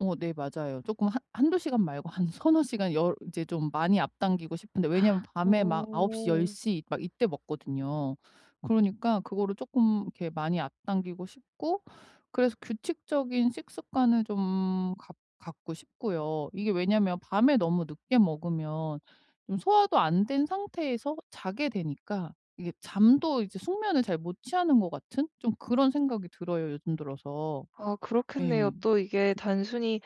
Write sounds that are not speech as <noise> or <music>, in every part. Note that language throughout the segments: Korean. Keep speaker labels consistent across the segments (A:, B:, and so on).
A: 어 네. 맞아요. 쪼끔 한 1-2 시간 말고 한 3-4 시간 10 이제 좀 많이 앞당기고 싶은데 왜냐면
B: <gasps>
A: 밤에 막 9 시 10
B: 어.
A: 시 막 이때 먹거든요. 그러니까 그거를 쪼끔 이렇게 많이 앞당기고 싶고 그래서 규칙적인 식습관을 좀 갖 갖고 싶고요. 이게 왜냐면 밤에 너무 늦게 먹으면 좀 소화도 안 된 상태에서 자게 되니까 이게 잠도 이제 숙면을 잘 못 취하는 것 같은 좀 그런 생각이 들어요 요즘 들어서.
B: 아. 그렇겠네요.
A: 예.
B: 또 이게 단순히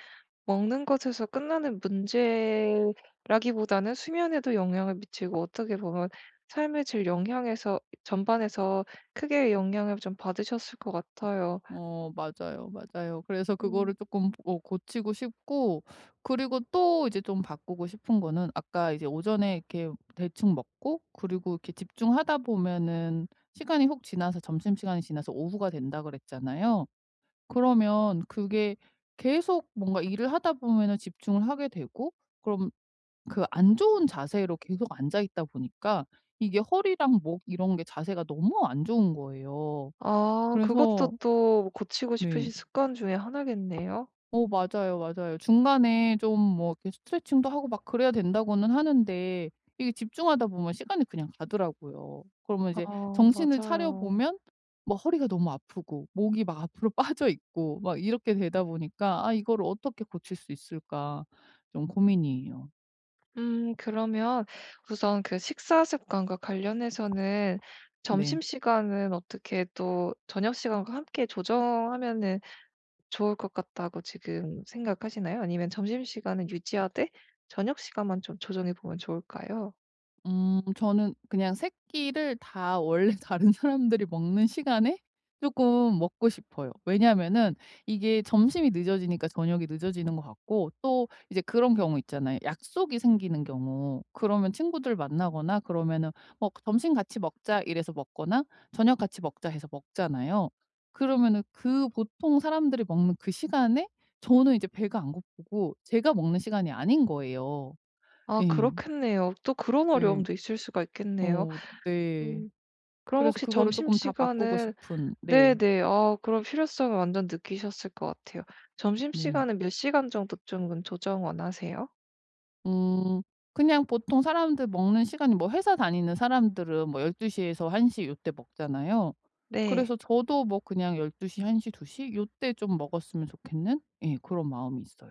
B: 먹는 것에서 끝나는 문제라기보다는 수면에도 영향을 미치고 어떻게 보면 삶의 질 영향에서 전반에서 크게 영향을 좀 받으셨을 것 같아요.
A: 어. 맞아요, 맞아요. 그래서 그거를
B: 음.
A: 쪼끔 어 고치고 싶고 그리고 또 이제 좀 바꾸고 싶은 거는 아까 이제 오전에 이렇게 대충 먹고 그리고 이렇게 집중하다 보면은 시간이 훅 지나서 점심시간이 지나서 오후가 된다 그랬잖아요. 그러면 그게 계속 뭔가 일을 하다 보면은 집중을 하게 되고 그럼 그 안 좋은 자세로 계속 앉아 있다 보니까 이게 허리랑 목 이런 게 자세가 너무 안 좋은 거예요.
B: 아. 그것도
A: 그래서
B: 또 고치고
A: 네.
B: 싶으신 습관 중에 하나겠네요.
A: 어. 맞아요、 맞아요. 중간에 좀 뭐 이렇게 스트레칭도 하고 막 그래야 된다고는 하는데 이게 집중하다 보면 시간이 그냥 가더라고요. 그러면
B: 아.
A: 이제 정신을 차려
B: 맞아요.
A: 보면 뭐 허리가 너무 아프고 목이 막 앞으로 빠져 있고 막 이렇게 되다 보니까 아 '이거를 어떻게 고칠 수 있을까.' 좀 고민이에요.
B: 음 그러면 우선 그 식사 습관과 관련해서는
A: 네.
B: 점심시간은 어떻게 또 저녁시간과 함께 조정하면은 좋을 것 같다고 지금 생각하시나요? 아니면 점심시간은 유지하되 저녁시간만 좀 조정해 보면 좋을까요?
A: 음. 저는 그냥 3 끼를 다 원래 다른 사람들이 먹는 시간에 쪼끔 먹고 싶어요. 왜냐면은 이게 점심이 늦어지니까 저녁이 늦어지는 것 같고 또 이제 그런 경우 있잖아요. 약속이 생기는 경우 그러면 친구들 만나거나 그러면은 어 "점심 같이 먹자." 이래서 먹거나 "저녁 같이 먹자." 해서 먹잖아요. 그러면은 그 보통 사람들이 먹는 그 시간에 저는 이제 배가 안 고프고 제가 먹는 시간이 아닌 거예요.
B: 아.
A: 예.
B: 그렇겠네요. 또 그런
A: 예.
B: 어려움도 있을 수가 있겠네요.
A: 어. 네.
B: 음. 그럼
A: 그래서
B: 혹시
A: 그거를 조금 다 바꾸고
B: 점심시간은
A: 싶은. 네.
B: 네네 아 그런 필요성을 완전 느끼셨을 것 같아요.
A: 네.
B: 점심시간은 몇 시간 정도쯤은 조정 원하세요?
A: 음. 그냥 보통 사람들 먹는 시간이 뭐 회사 다니는 사람들은 뭐 12 시에서 1 시 요때 먹잖아요.
B: 네.
A: 그래서 저도 뭐 그냥 12 시 1 시 2 시 요때 좀 먹었으면 좋겠는 예 고런 마음이 있어요.